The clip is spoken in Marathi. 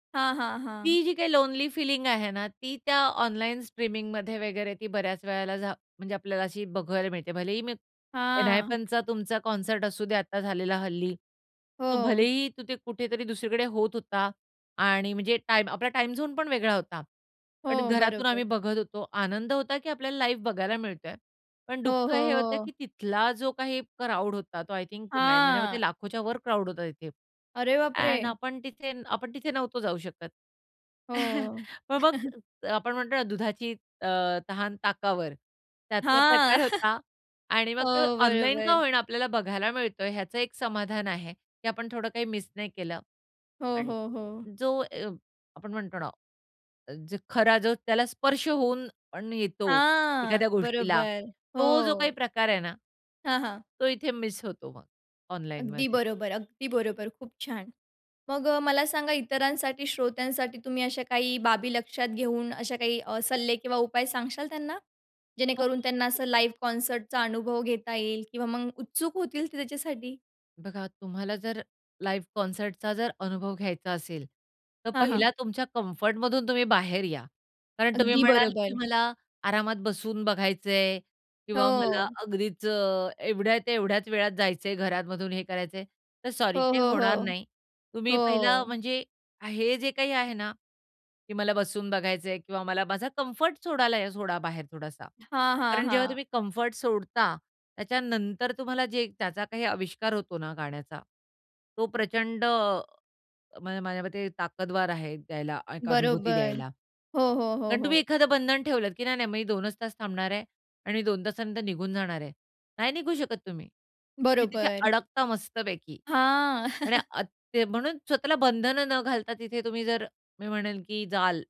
हां, हां, हां. ती, जी काही लोनली फीलिंग आहे ना, ती त्या ऑनलाईन स्ट्रीमिंगमध्ये वगैरे ती बऱ्याच वेळेला झा म्हणजे, आपल्याला अशी बघायला मिळते. भलेही मी हां. एनहायपनचा तुमचा कॉन्सर्ट असू दे आता झालेला हल्ली. तो हो. भलेही तू, ते कुठेतरी 2 कडे होत होता आणि म्हणजे टाईम आपला टाईम झोन पण वेगळा होता. पण हो, घरातून आम्ही बरोबर. बघत होतो. आनंद होता, की आपल्याला लाईव्ह बघायला मिळतोय, पण हो, हो, दुःख हे होतं हो. की तिथला जो काही क्राउड होता तो आय थिंक नाही माझ्या मते हां. लाखोच्या वर क्राउड होता तिथे. अरे, अँन्ड बापरे! आपण तिथे आपण तिथे नव्हतो जाऊ शकत. हो. पण मग आपण म्हणतो ना, दुधाची अ, तहान, ताकावर. त्यातला हां. प्रकार होता. आणि हो, मग तो ऑनलाईन का बरोबर. होई ना, आपल्याला बघायला मिळतोय. ह्याचं एक समाधान आहे की आपण थोडं काही मिस नाही केलं. हो, पण हो, हो. जो अ, आपण म्हणतो ना जो खरा जो त्याला स्पर्श होऊन पण येतो हां एखाद्या गोष्टीला बरोबर तो जो काही हो. प्रकार आहे ना हां, हां. तो इथे मिस होतो मग, अगदी ऑनलाईनमध्ये. बरोबर, अगदी बरोबर, खूप छान! मग अ, मला सांगा इतरांसाठी, श्रोत्यांसाठी, तुम्ही अशा काही बाबी लक्षात घेऊन, अशा काही अ, सल्ले किंवा उपाय सांगाल त्यांना? हो. जेणेकरून त्यांना [unintelligible] असं लाईव्ह कॉन्सर्टचा अनुभव घेता येईल किंवा मग उत्सुक होतील ते त्याच्यासाठी? बघा तुम्हाला जर, लाईव्ह कॉन्सर्ट चा जर, अनुभव घ्यायचा असेल, तर हां, हां. पहिला तुमच्या कम्फर्ट मधून तुम्ही बाहेर या. कारण तुम्ही अगदी म्हणाल, की बरोबर. मला आरामात बसून बघायचंय किंवा मला हो. अगदीच अ, एवढ्या-तेवढ्याच वेळात जायचंय घरामधून हे करायचंय, तर हो, सॉरी ते हो, होणार हो. नाही. तुम्ही पहिलं हो. म्हणजे हे जे काही आहे ना, की मला बसून बघायचंय किंवा मला माझा कम्फर्ट सोडायला या सोडा बाहेर थोडासा. हां, हां, कारण जेव्हा हां. तुम्ही कम्फर्ट सोडता, त्याच्यानंतर तुम्हाला जे त्याचा काही अविष्कार होतो ना, गाण्याचा, तो प्रचंड म अ, माझ्या मते ताकदवार आहे द्यायला. एक अनुभूती बरोबर. द्यायला. हो, हो, हो, कारण तुम्ही हो. एखादं बंधन ठेवलत, की नाही, नाही मग 2च तास थांबणार आहे आणि 2 तासानंतर निघून जाणार आहे. नाही निघू शकत तुम्ही, तुम्ही तिथे बरोबर. अडकता मस्तपैकी. हां. आणि आत्ता ते म्हणून स्वतःला बंधनं न घालता तिथे तुम्ही जर मी म्हणेन की जाल